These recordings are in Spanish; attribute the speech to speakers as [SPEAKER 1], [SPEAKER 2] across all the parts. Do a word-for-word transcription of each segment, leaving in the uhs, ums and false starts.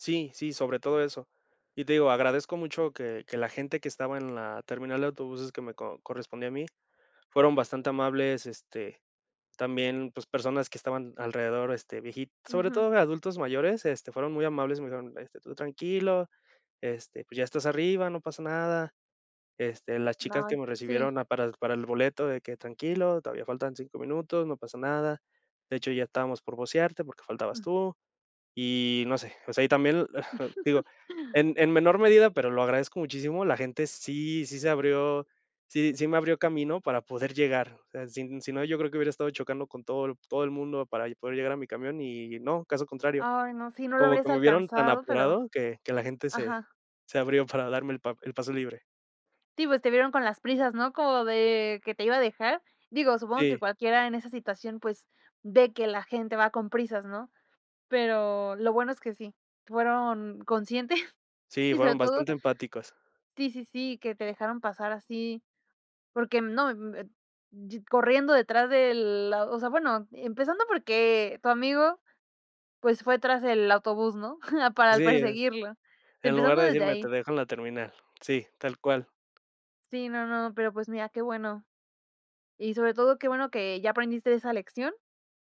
[SPEAKER 1] Sí, sí, sobre todo eso. Y te digo, agradezco mucho que que la gente que estaba en la terminal de autobuses que me co correspondía a mí, fueron bastante amables, este, también, pues personas que estaban alrededor, este, vieji sobre
[SPEAKER 2] Ujú.
[SPEAKER 1] todo de adultos mayores, este, fueron muy amables, me dijeron, este: "Tú tranquilo, este, pues ya estás arriba, no pasa nada". Este, las chicas que
[SPEAKER 2] Ay,
[SPEAKER 1] me
[SPEAKER 2] sí.
[SPEAKER 1] recibieron a para el para el boleto, de que tranquilo, todavía faltan cinco minutos, no pasa nada. De hecho, ya estábamos por vocearte porque faltabas
[SPEAKER 2] Mm.
[SPEAKER 1] tú. Y no sé, o sea y también,, digo, en en menor medida, pero lo agradezco muchísimo, la gente sí sí se abrió sí sí me abrió camino para poder llegar, o sea, sin si no, yo creo que hubiera estado chocando con todo el todo el mundo para y poder llegar a mi camión y no, caso contrario,
[SPEAKER 2] Ay, no, sí, no lo
[SPEAKER 1] como
[SPEAKER 2] habrías
[SPEAKER 1] que me vieron tan
[SPEAKER 2] alcanzado, pero
[SPEAKER 1] apurado que que la gente se
[SPEAKER 2] ajá.
[SPEAKER 1] se abrió para darme el pa el paso libre.
[SPEAKER 2] Sí, pues te vieron con las prisas, ¿no?, como de que te iba a dejar. Digo, supongo que
[SPEAKER 1] Sí.
[SPEAKER 2] cualquiera en esa situación, pues, ve que la gente va con prisas, ¿no? Pero lo bueno es que sí, fueron conscientes,
[SPEAKER 1] Sí,
[SPEAKER 2] y, sobre
[SPEAKER 1] fueron
[SPEAKER 2] todo
[SPEAKER 1] bastante empáticos.
[SPEAKER 2] Sí, sí, sí, que te dejaron pasar así, porque, mm, no, mm, eh yi corriendo detrás de la osea, bueno, e empezando porque tu amigo, pues fue tras el autobús, ¿no?, para l
[SPEAKER 1] Sí, ¿eh?
[SPEAKER 2] perseguirlo.
[SPEAKER 1] En lugar
[SPEAKER 2] Empezando
[SPEAKER 1] de
[SPEAKER 2] desde
[SPEAKER 1] decirme te
[SPEAKER 2] ahí.
[SPEAKER 1] dejo en la terminal. Sí, tal cual.
[SPEAKER 2] Sí, no no, pero, pues, mira, qué bueno. Y, sobre todo, qué bueno que ya aprendiste esa lección.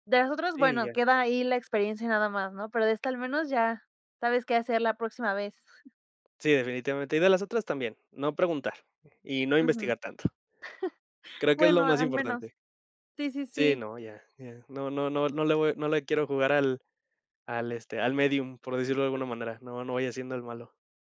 [SPEAKER 2] De las otras,
[SPEAKER 1] Sí,
[SPEAKER 2] bueno,
[SPEAKER 1] ya.
[SPEAKER 2] queda ahí la experiencia nada más, ¿no? Pero de esta al menos ya sabes qué hacer la próxima vez.
[SPEAKER 1] Sí, definitivamente. Y de las otras también, no preguntar, y no
[SPEAKER 2] Ujú.
[SPEAKER 1] investigar tanto. Creo que es lo
[SPEAKER 2] Bueno,
[SPEAKER 1] más
[SPEAKER 2] al menos.
[SPEAKER 1] importante.
[SPEAKER 2] Sí, sí,
[SPEAKER 1] Sí,
[SPEAKER 2] sí.
[SPEAKER 1] no, ya ya, no no no no le voy no le quiero jugar al al, este, al médium, por decirlo de alguna manera, no no vaya siendo el malo.